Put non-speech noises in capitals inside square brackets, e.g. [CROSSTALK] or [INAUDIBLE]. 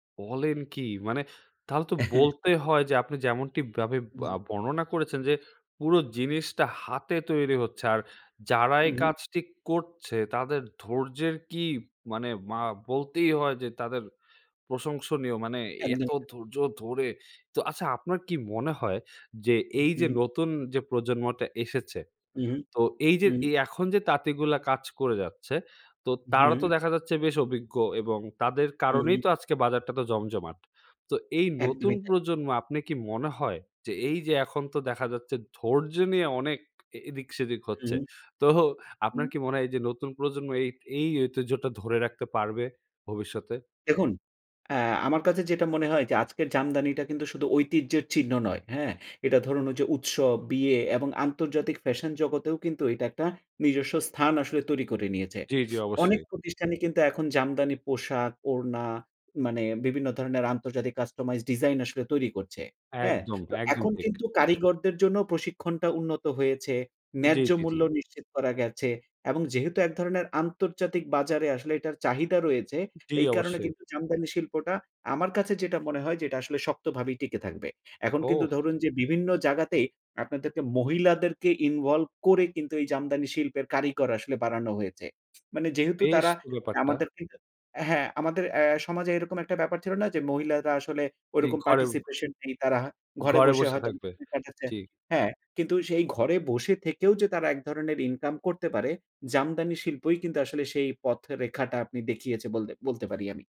বলেন কি? মানে তাহলে তো [CHUCKLES] বলতে হয় যে আপনি যেমনটিভাবে আ বর্ণনা করেছেন যে পুরো জিনিসটা হাতে তৈরি হচ্ছে। আর যারা এই হুম, হুম। কাজটি করছে তাদের ধৈর্যের কি মানে মা বলতেই হয় যে তাদের প্রশংসনীয়। মানে এত একদমই তা ধৈর্য ধরে তো আচ্ছা আপনার কি মনে হয় যে উ এইযে হুম। নতুন যে প্রজন্মটা এসেছে। উ হুম, তো এইযে হুম। এ এখন যে তাঁতিগুলা কাজ করে যাচ্ছে, তো তারা তো হুম। দেখা যাচ্ছে বেশ অভিজ্ঞ এবং তাদের হু, কারণেই হুম। তো আজকে বাজারটা এতো জমজমাট। তো এই নতুন একদমই তাই। প্রজন্ম আপনি কি মনে হয় যে এইযে এখন তো দেখা যাচ্ছে ধৈর্য্যে নিয়ে অনেক এ এদিক-সেদিক হচ্ছে। হুম। তো আপনার হুম। কি মনে হয় এই যে নতুন প্রজন্ম এই এই ঐতিহ্যটা ধরে রাখতে পারবে ভবিষ্যতে? দেখুন অ্যা আমার কাজে যেটা মনে হয় যে আজকের জামদানিটা কিন্তু শুধু ঐতিহ্যের চিহ্ন নয়, হ্যাঁ? এটা ধরুন ওইযে উৎসব, বিয়ে এবং আন্তর্জাতিক ফ্যাশন জগতেও কিন্তু এইটা একটা নিজস্ব স্থান আসলে তৈরি করে নিয়েছে। জ্বী, জ্বী অনেক অবশ্যই। প্রতিষ্ঠানই কিন্তু এখন জামদানি পোশাক, ওড়না মানে বিভিন্ন ধরণের আন্তর্জাতিক customized ডিজাইন আসলে তৈরি করছে, হ্যাঁ? একদম, তো একদম এখন ঠিক। কিন্তু কারিগরদের জন্য প্রশিক্ষণটা উন্নত হয়েছে, জ্বি, ন্যায্য জ্বি, জ্বি। মূল্য নিশ্চিত করা গেছে। এবং যেহেতু ১ ধরনের আন্তর্জাতিক বাজারে আসলে এটার চাহিদা রয়েছে, তো জ্বি এই কারণে অবশ্যই। কিন্তু জামদানি শিল্পটা আমার কাছে যেটা মনে হয় যে এটা আসলে শক্তভাবেই টিকে থাকবে। এখন কিন্তু ওহ! ধরুন যে বিভিন্ন জাগাতেই আপনাদেরকে মহিলাদেরকে involve করে কিন্তু এই জামদানি শিল্পের কারিগর আসলে বাড়ানো হয়েছে। মানে যেহেতু বেশ তারা তো মানে ব্যাপারটা। আমাদেরকে হ্যাঁ আমাদের অ্যা সমাজে এইরকম একটা ব্যাপার ছিল না যে মহিলারা আসলে জ্বি ঐরকম ঘরে participation নেই, তারা ঘরে ঘরে বসে বসে হয়তোবা থাকবে। [UNINTELLIGIBLE] কাটাচ্ছে, জ্বি। হ্যাঁ। কিন্তু সেই ঘরে বসে থেকেও যে তারা ১ ধরনের ইনকাম করতে পারে, জামদানি শিল্পই কিন্তু আসলে সেই পথ-রেখাটা আপনি দেখিয়েছে বলদে বলতে পারি আমি।